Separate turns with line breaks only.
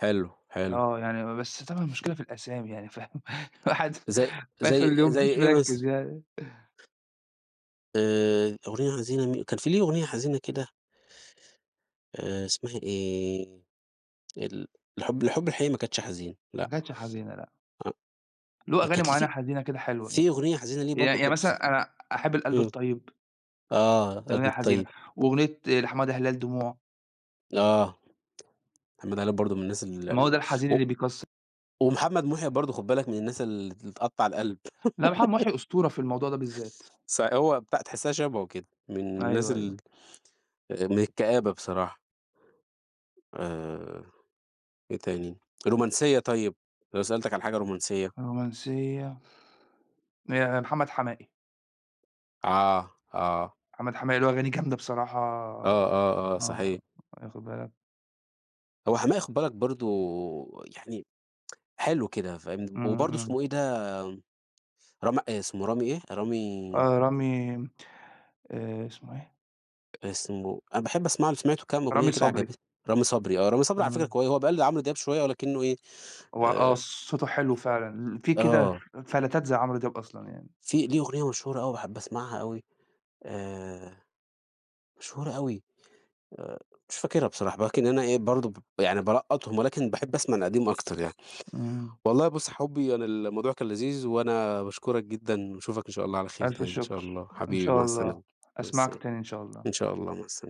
حلو، حلو.
آه، يعني بس طبعًا المشكلة في الأسامي يعني فاهم، الواحد في
زي
آخر
زي
اليوم
زي
مش
إيه مثلًا؟
مِركِّز يعني.
آآ أغنية حزينة مي كان فيه ليه أغنية حزينة كده آآ اسمها إيه؟ ال الحُب الحُب الحقيقي ما كانتش حزين.
ما
لأ.
كانتش حزينة لأ.
أ
له أغاني
كانت
مُعيّنة
لي
حزينة كده
ف
حلوة، يعني،
فيه أغنية حزينة ليه
يعني
برضه
يعني
كنت سم
مثلًا أنا أحب القلب
إمم،
الطيب.
آه،
دي
القلب
أغنية حزينة،
الطيب.
وأغنية لحمادة هلال دموع.
آه، حمادة هلال برضو من الناس ال
ما هو ده
ال
الحزين
و
اللي بيكسّ
ومحمد محيي برضه خُد بالك من الناس ال اللي تقطّع القلب.
لأ، محمد محيي أسطورة في الموضوع ده بالذات.
ص هو بتاع تحسها شبهُه كده، من الناس
أيوه، أيوه.
ال من الكآبة بصراحة. آآ إيه تاني؟ رومانسية طيب، لو سألتك على حاجة رومانسية.
رومانسية. آآ محمد حماقي.
آه، آه.
محمد حماقي له أغاني جامدة بصراحة،
آه، آه، آه،
آه،
صحيح.
واخد بالك.
هو حماقي خُد بالك برضو يعني حلو كده، فاهم؟
إمم،
وبرضو
إمم.
اسمه إيه ده، رام اسمه رامي إيه؟ رامي
آه، رامي آآ اسمُه إيه؟
اسمُه أنا باحب أسمع له، سمعته كمان
رامي
أغنية كده
صبري.
عجبت رامي صبري، آه، رامي صبري على فكرة
إمم.
كوي هو بيقلد عمرو دياب شوية لكنه إيه
هو آه،
آآ
صوته حلو فعلًا، ل
[unintelligible]
فيه كده
آه.
فلتات زي عمرو دياب أصلًا يعني.
فيه ليه أغنية مشهورة أوي باحب أسمعها أوي، آآ مشهورة أوي، آآ مش فاكرها بصراحة، ولكن أنا إيه برضو ب يعني بالقّطهُم ولكن باحب أسمع القديم أكتر يعني.
إمم.
والله بُص يا حُبي، أنا الموضوع كان لذيذ وأنا باشكرك جدًا، وأشوفك إن شاء الله على خير
ألْف
تاني إن شاء
شُكر،
الله،
إن
حبيبي
شاء
مع
الله،
السلامة، مع
أسمعك
السلامة،
تاني إن شاء الله.
إن شاء الله مع السلامة.